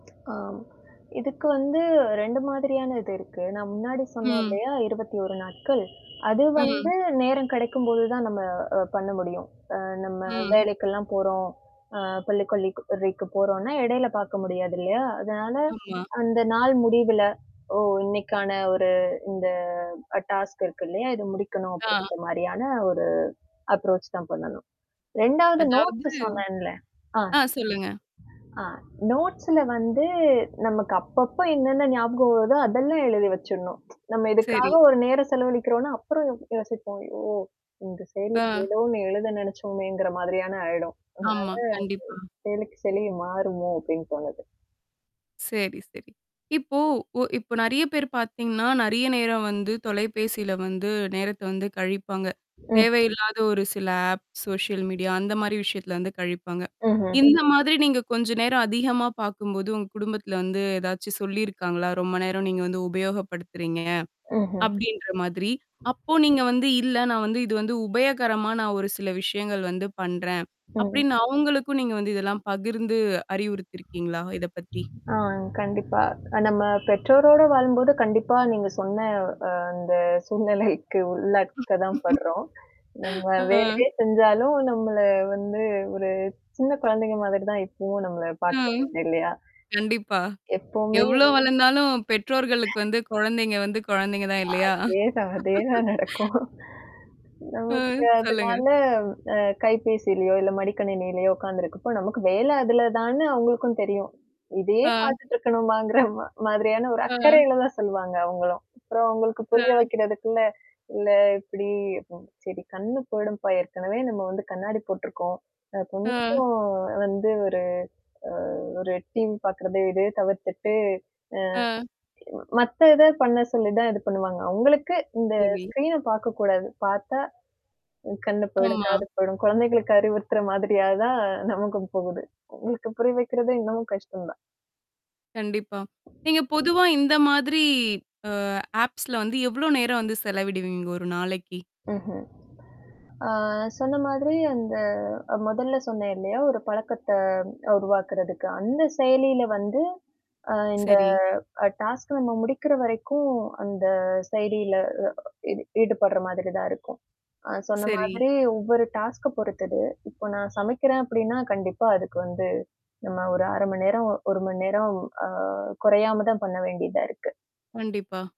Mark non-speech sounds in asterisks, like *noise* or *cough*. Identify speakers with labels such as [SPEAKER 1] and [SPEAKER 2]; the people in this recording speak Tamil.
[SPEAKER 1] ஆ. இதுக்கு வந்து 2 மாதிரியான இது இருக்கு. நான் முன்னாடி சொன்னேன்
[SPEAKER 2] ம்.
[SPEAKER 1] இல்லையா 21 நாட்கள். அது வந்து
[SPEAKER 2] ம்.
[SPEAKER 1] நேரம் கிடைக்கும்போது தான் நம்ம அ பண்ண முடியும். அ நம்ம
[SPEAKER 2] ம்.
[SPEAKER 1] வேலைக்கல்லாம் போறோம். ஆ கொல்லி கொல்லி கொரிக்கு போறோனா, இடையில பாக்க முடியாது இல்லையா? அதனால,
[SPEAKER 2] ஆமா.
[SPEAKER 1] அந்த நாள் முடிவுல. ஓ! இன்னைக்கான ஒரு இந்த அ டாஸ்க் இருக்கு இல்லையா? இது முடிக்கணும்
[SPEAKER 2] ஆ.
[SPEAKER 1] அப்படின்ற மாரியான ஒரு அப்ரோச் தான் பண்ணணும். 2 வது
[SPEAKER 2] அதாவது,
[SPEAKER 1] நோட்ஸ் சொன்னேன்ல. ஆ,
[SPEAKER 2] ஆ சொல்லுங்க.
[SPEAKER 1] ஆ நோட்ஸ்ல வந்து நமக்கு அப்பப்போ என்னென்ன ஞாபகம் வருதோ அதெல்லாம் எழுதி வச்சுடணும். *tsk* நம்ம இதுக்காக
[SPEAKER 2] சரி.
[SPEAKER 1] ஒரு நேரம் செலவழிக்கிறோன்னா, அப்புறம் யோசிப்போம் ஐயோ! இந்த
[SPEAKER 2] ஆ.
[SPEAKER 1] செயலிக்கு எதோ ஒண்ணு எழுத நெனைச்சோமேங்கற மாதிரியான ஆயிடும். அதனால அது,
[SPEAKER 2] ஆமா, கண்டிப்பா.
[SPEAKER 1] செயலிக்கு செயலி மாறுமோ அப்படின்னு தோணது.
[SPEAKER 2] சரி, சரி. இப்போ ஒ இப்போ நெறைய பேர் பாத்தீங்கன்னா, நறைய நேரம் வந்து தொலைபேசில வந்து நேரத்த வந்து கழிப்பாங்க.
[SPEAKER 1] ம்.
[SPEAKER 2] தேவையில்லாத ஒரு சில ஆப் சோஷியல் மீடியா அந்த மாரி விஷயத்துல வந்து கழிப்பாங்க.
[SPEAKER 1] ம்ஹ்ம்.
[SPEAKER 2] இந்த மாதிரி நீங்க கொஞ்ச நேரம் அதிகமா பாக்கும்போது, உங்க குடும்பத்தில வந்து ஏதாச்சும் சொல்லியிருக்காங்களா? ரொம்ப நேரம் நீங்க வந்து உபயோகப்படுத்துறீங்க,
[SPEAKER 1] ம்ஹ்ம்.
[SPEAKER 2] அப்டின்ற மாதிரி. அப்போ நீங்க வந்து இல்ல நான் வந்து இது வந்து உபயகரமா நான் ஒரு சில விஷயங்கள் வந்து பண்றேன்.
[SPEAKER 1] ம்ஹ்ம்.
[SPEAKER 2] அப்டின்னு அவங்களுக்கும் நீங்க வந்து, இதெல்லாம் பகிர்ந்து அறிவுறுத்தியிருக்கீங்களா? இத பத்தி.
[SPEAKER 1] ஆ கண்டிப்பா. நம்ம பெற்றோரோடு வாழும்போது கண்டிப்பா, நீங்க சொன்ன அ அந்த சூழ்நிலைக்கு உள்ளக்க தான் படுறோம். நம்ம
[SPEAKER 2] ஆ.
[SPEAKER 1] வேலையே செஞ்சாலும் நம்மள வந்து ஒரு சின்ன குழந்தைங்க மாதிரி தான் இப்பவும் நம்மள
[SPEAKER 2] ம்.
[SPEAKER 1] பாக்கறதுன்டு. இல்லையா?
[SPEAKER 2] கண்டிப்பா.
[SPEAKER 1] எப்போமே.
[SPEAKER 2] எவ்ளோ வளர்ந்தாலும் பெற்றோர்களுக்கு வந்து குழந்தைங்க வந்து குழந்தைங்க தான் இல்லையா?
[SPEAKER 1] அதேதான். அதேதான் நடக்கும்.
[SPEAKER 2] ஆ,
[SPEAKER 1] நமக்கு
[SPEAKER 2] சொல்லுங்க.
[SPEAKER 1] அதனால அ கைபேசியிலயோ, இல்ல மடிக்கணினியிலயோ உட்கார்ந்துருக்கப்போ, நமக்கு வேலை அதுல தான்னு அவங்களுக்கும் தெரியும். இதையே
[SPEAKER 2] ஆ.
[SPEAKER 1] பாத்துட்டுருக்கணுமாங்கற மா மாதிரியான, ஒரு
[SPEAKER 2] ஆ.
[SPEAKER 1] அக்கறையில தான் சொல்லுவாங்க அவங்களும். அப்புறம் அவங்களுக்கு
[SPEAKER 2] ஆ.
[SPEAKER 1] புரிய வைக்கிறதுக்குள்ள, இல்ல இப்படி சரி கண்ணு போயிடும்ப்பா ஏற்கனவே நம்ம வந்து கண்ணாடி போட்டுருக்கோம். அ
[SPEAKER 2] ஆ.
[SPEAKER 1] கொஞ்சம் வந்து, ஒரு அ ஒரு டீம் பாக்கறது இத தவிர்த்துட்டு,
[SPEAKER 2] ஆ.
[SPEAKER 1] அ. மத்த இத பண்ண சொல்லி தான் இது பண்ணுவாங்க. அவங்களுக்கு இந்த
[SPEAKER 2] சரி.
[SPEAKER 1] ஸ்க்ரீன் பாக்கக்கூடாது. பாத்தா அ கண்ணு போயிடும்,
[SPEAKER 2] ஆமா.
[SPEAKER 1] காது போயிடும். குழந்தைகளுக்கு அறிவுறுத்துற மாதிரியா தான் நமக்கும் போகுது. அவங்களுக்கு புரியா வைக்கிறது இன்னமும் கஷ்டம் தான்.
[SPEAKER 2] கண்டிப்பா. நீங்க பொதுவா இந்த மாதிரி, அ ஆப்ஸ்ல வந்து எவ்ளோ நேரம் வந்து செலவிடுவீங்கங்க? ஒரு நாளைக்கு.
[SPEAKER 1] ம்ஹ்ம். ஆ சொன்ன மாதிரி அந்த முதல்ல சொன்னேன் இல்லையா, ஒரு பழக்கத்த உருவாக்குறதுக்கு. அந்த செயலியில வந்து, அ இந்த
[SPEAKER 2] சரி.
[SPEAKER 1] அ டாஸ்க் நம்ம முடிக்கிற வரைக்கும், அந்த செயலியில அ, அ ஈடுபடுற மாதிரி தான் இருக்கும். அ சொன்ன
[SPEAKER 2] சரி.
[SPEAKER 1] மாதிரி ஒவ்வொரு டாஸ்க்க பொறுத்தது. இப்போ நான் சமைக்கிறேன் அப்படின்னா கண்டிப்பா அதுக்கு வந்து. நான் ஒரு 1/2 மணி நேரம் 1 மணி நேரம் அ குறையாம தான் பண்ண வேண்டியதா இருக்கு.
[SPEAKER 2] கண்டிப்பா.